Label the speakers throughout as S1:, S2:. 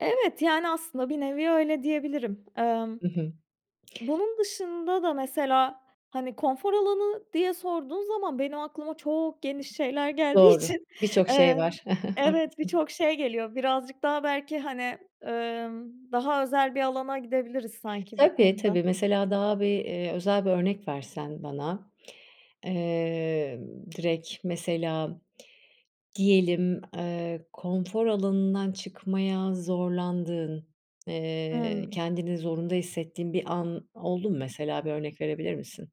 S1: Evet, yani, aslında bir nevi öyle diyebilirim. Emm,
S2: Hı hı.
S1: bunun dışında da mesela, hani, konfor alanı diye sorduğun zaman, benim aklıma çok geniş şeyler geldiği
S2: Doğru.
S1: için,
S2: Bir çok şey
S1: eee,
S2: var,
S1: evet
S2: haklısın.
S1: birçok şey geliyor. Birazcık daha belki, hani, emm, daha özel bir alana gidebiliriz sanki bu
S2: Tabii,
S1: konuda.
S2: tabii, mesela, daha bir, eee, özel bir örnek versen bana. Eee, direkt mesela, diyelim, eee, konfor alanından çıkmaya zorlandığın, eee,
S1: Hımm.
S2: kendini zorunda hissettiğin bir an oldu mu mesela? Bir örnek verebilir misin?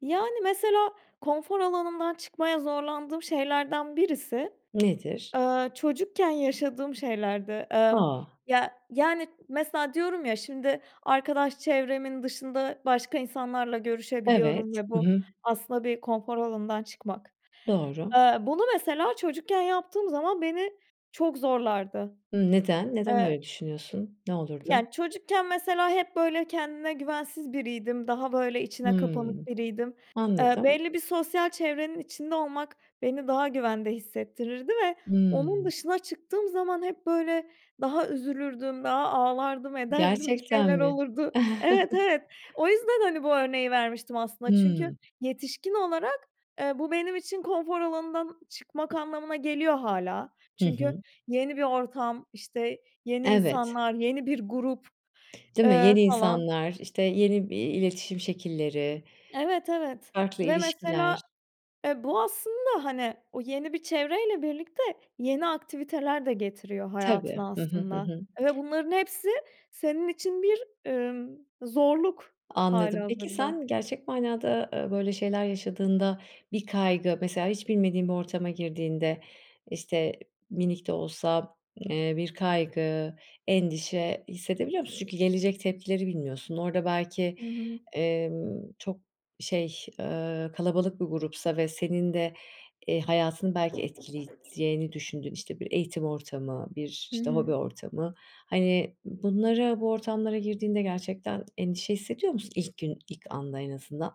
S1: Yani, mesela konfor alanımdan çıkmaya zorlandığım şeylerden birisi,
S2: Nedir?
S1: eee, çocukken yaşadığım şeylerdi. Emm,
S2: A!
S1: ya, yani mesela diyorum ya, şimdi, arkadaş çevremin dışında başka insanlarla görüşebiliyorum
S2: Evet.
S1: ve
S2: Hı
S1: bu,
S2: hı.
S1: aslında bir konfor alanından çıkmak.
S2: Doğru.
S1: Eee, bunu mesela çocukken yaptığım zaman, beni çok zorlardı.
S2: Hımm, neden? Neden
S1: Eee
S2: öyle düşünüyorsun? Ne olurdu?
S1: Yani, çocukken mesela, hep böyle kendine güvensiz biriydim, daha böyle içine kapanık
S2: Hımm,
S1: biriydim. Eee,
S2: anladım.
S1: belli bir sosyal çevrenin içinde olmak beni daha güvende hissettirirdi ve onun
S2: Hıı.
S1: dışına çıktığım zaman, hep böyle, daha üzülürdüm, daha ağlardım, ederdim, bir
S2: Gerçekten
S1: şeyler
S2: mi?
S1: olurdu Evet, evet, o yüzden, hani, bu örneği vermiştim aslında, çünkü
S2: Hıı.
S1: yetişkin olarak, eee, bu benim için konfor alanından çıkmak anlamına geliyor hâlâ.
S2: Hı
S1: Çünkü,
S2: hı.
S1: yeni bir ortam, işte, yeni
S2: Evet.
S1: insanlar, yeni bir grup,
S2: Değil mi?
S1: eee,
S2: Yeni
S1: falan.
S2: insanlar, işte yeni bir iletişim şekilleri,
S1: Evet, evet
S2: farklı
S1: ve
S2: ilişkiler.
S1: mesela, e, bu aslında, hani, o yeni bir çevreyle birlikte, yeni aktiviteler de getiriyor
S2: Tabii.
S1: hayatına
S2: Hı hı, hı
S1: aslında
S2: hı.
S1: ve bunların hepsi, senin için bir, imm, zorluk hâli
S2: Anladım. Peki,
S1: hazırda.
S2: sen gerçek manada, eee, böyle şeyler yaşadığında, bir kaygı, mesela, hiç bilmediğin bir ortama girdiğinde, işte, minik de olsa, eee, bir kaygı, endişe hissedebiliyor musun? Çünkü gelecek tepkileri bilmiyorsun. Orada belki,
S1: Hı hı.
S2: emm, çok, şey, eee, kalabalık bir grupsa ve senin de, eee, hayatını belki etkileyeceğini düşündüğün, işte, bir eğitim ortamı, bir,
S1: Hı
S2: işte, hobi
S1: hı.
S2: ortamı, hani, bunlara bu ortamlara girdiğinde gerçekten endişe hissediyor musun ilk gün, ilk anda en azından?